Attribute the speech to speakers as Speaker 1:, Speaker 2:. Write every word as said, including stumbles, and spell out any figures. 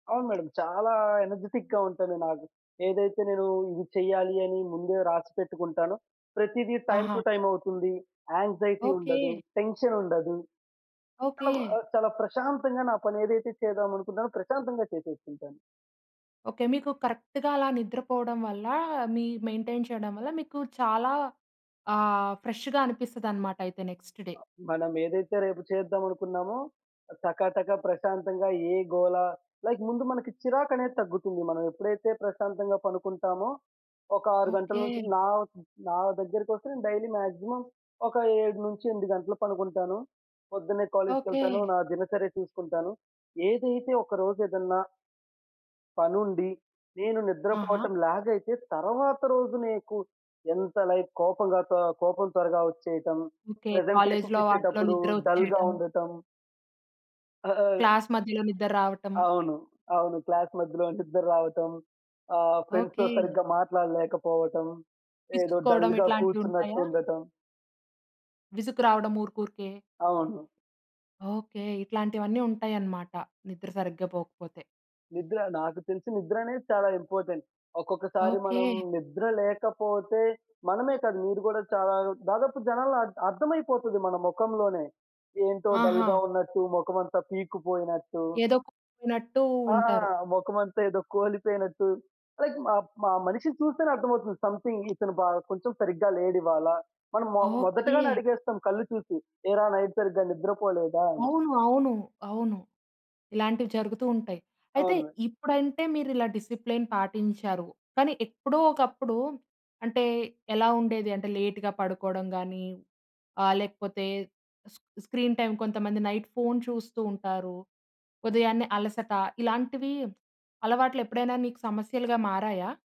Speaker 1: అవును, మేడమ్. చాలా ఎనర్జిటిక్‌గా ఉంటాను నాకు. ఏదైతే నేను ఇది చేయాలి అని ముందే రాసిపెట్టుకుంటానో ప్రతీది టైమ్ టు
Speaker 2: ఆహా!
Speaker 1: టైమ్ అవుతుంది. Anxiety
Speaker 2: okay.
Speaker 1: ఉండదు. టెన్షన్ ఉండదు.
Speaker 2: ఓకే.
Speaker 1: ఆబ్ ఆ చాలా ప్రశాంతంగా నా పనేదైతే చేద్దామనుకున్నానో ప్రశాంతంగా చేసేసుకుంటాను.
Speaker 2: ఓకే. మీకు కరెక్ట్‌గా అలా నిద్ర పోవడం వల్ల, మీ మెయింటైన్ చేయడం వల్ల మీకు చాలా ఆహ్, ఫ్రెష్‌గా అనిపిస్తదన్నమాట అయితే నెక్స్ట్ డే.
Speaker 1: మనం ఏదైతే రేపు చేద్దాం అనుకున్నామో టకాటకా ప్రశాంతంగా ఏ‌గోల లైక్ ముందు మనకి చిరాకనేది తగ్గుతుంది. మనం ఎప్పుడైతే ప్రశాంతంగా పనుకుంటామో, ఒక ఆరు గంటల నుంచి
Speaker 2: ఓకే.
Speaker 1: నా నా దగ్గరకొస్తే నేను డైలీ మాక్సిమం ఒక ఏడు నుంచి ఎనిమిది గంటలు పనుకుంటాను. పొద్దున్నే కాలేజీకెళ్తాను.
Speaker 2: ఓకే.
Speaker 1: నా దినచర్య చూసుకుంటాను. ఏదైతే ఒక రోజు ఏదన్నా పనుండి. నేను
Speaker 2: ఆహా!
Speaker 1: నిద్రపోటం ల్యాగ్ అయితే, తరువాత రోజు నీకు ఎంత లైక్ కోపంగా త కోపం త్వరగా వచ్చేయటం,
Speaker 2: ఓకే.
Speaker 1: ప్రజెంటేషన్స్
Speaker 2: కాలేజీలో వాటిలో
Speaker 1: ఇచ్చేటప్పుడు
Speaker 2: నిద్ర
Speaker 1: డల్‌గా
Speaker 2: ఒచ్చేయటం.
Speaker 1: ఉండటం. అ ఆ
Speaker 2: క్లాస్ మధ్యలో నిద్రరావటం.
Speaker 1: అవును. అవును. క్లాస్ మధ్యలో నిద్రరావటం. ఆహ్, ఫ్రెండ్స్‌తో
Speaker 2: ఓకే.
Speaker 1: సరిగ్గా మాట్లాడలేకపోవటం, ఏదో
Speaker 2: విసుక్కోవడం
Speaker 1: డల్‌గా
Speaker 2: ఇట్లాంటియి
Speaker 1: కూర్చున్నట్టు
Speaker 2: ఉంటాయా?
Speaker 1: ఉండటం.
Speaker 2: విసుగు రావడం ఊరుకూరికే.
Speaker 1: అవును.
Speaker 2: ఓకే. ఇట్లాంటివన్నీ ఉంటాయన్నమాట నిద్ర సరిగ్గా పోకపోతే.
Speaker 1: నిద్ర. నాకు తెలిసి నిద్రనేది చాలా ఇంపార్టెంట్. ఒకొక్కసారి మనం
Speaker 2: ఓకే.
Speaker 1: నిద్ర లేకపోతే మనమే కాదు, మీరు కూడా చాలా దాదాపు జనాల్లో అ అర్థమైపోతది మన మొఖంలోనే. ఏంటో డల్‌గా
Speaker 2: ఆహా!
Speaker 1: ఉన్నట్టు మొఖం అంతా పీక్కుపోయినట్టు.
Speaker 2: ఏదో కోల్పోయినట్టూ
Speaker 1: ఆ!
Speaker 2: ఉంటారు.
Speaker 1: మొఖమంతా ఏదో కోలిపోయినట్టు. లైక్ మ మ మనిషిని చూస్తేనే అర్థమవుతుంది. సం‌థింగ్ ఇతను బా కొంచెం సరిగ్గా‌లేడు ఇవ్వాలా. మనం మో మొదటగానే
Speaker 2: ఓకే.
Speaker 1: అడిగేస్తాం కళ్ళు చూసి. "ఏరా! నైట్ సరిగ్గా నిద్రపోలేదా" అని?
Speaker 2: అవును. అవును. అవును. ఇలాంటివి జరుగుతూ ఉంటయి. అయితే
Speaker 1: అవును.
Speaker 2: ఇప్పుడంటే మీరిలా డిసిప్లేన్ పాటించారు. కానీ ఎప్పుడో ఒకప్పుడు అంటే, ఎలా ఉండేది అంటే లేట్‌గా పడుకోవడం గాని ఆహ్, లేకపోతే స్ స్క్రీన్‌టైమ్ కొంతమంది నైట్ ఫోను చూస్తూ ఉంటారు, ఉదయాన్నే అలసట ఇలాంటివి అలవాట్లేప్పుడైనా నీకు సమస్యలుగా మారాయా?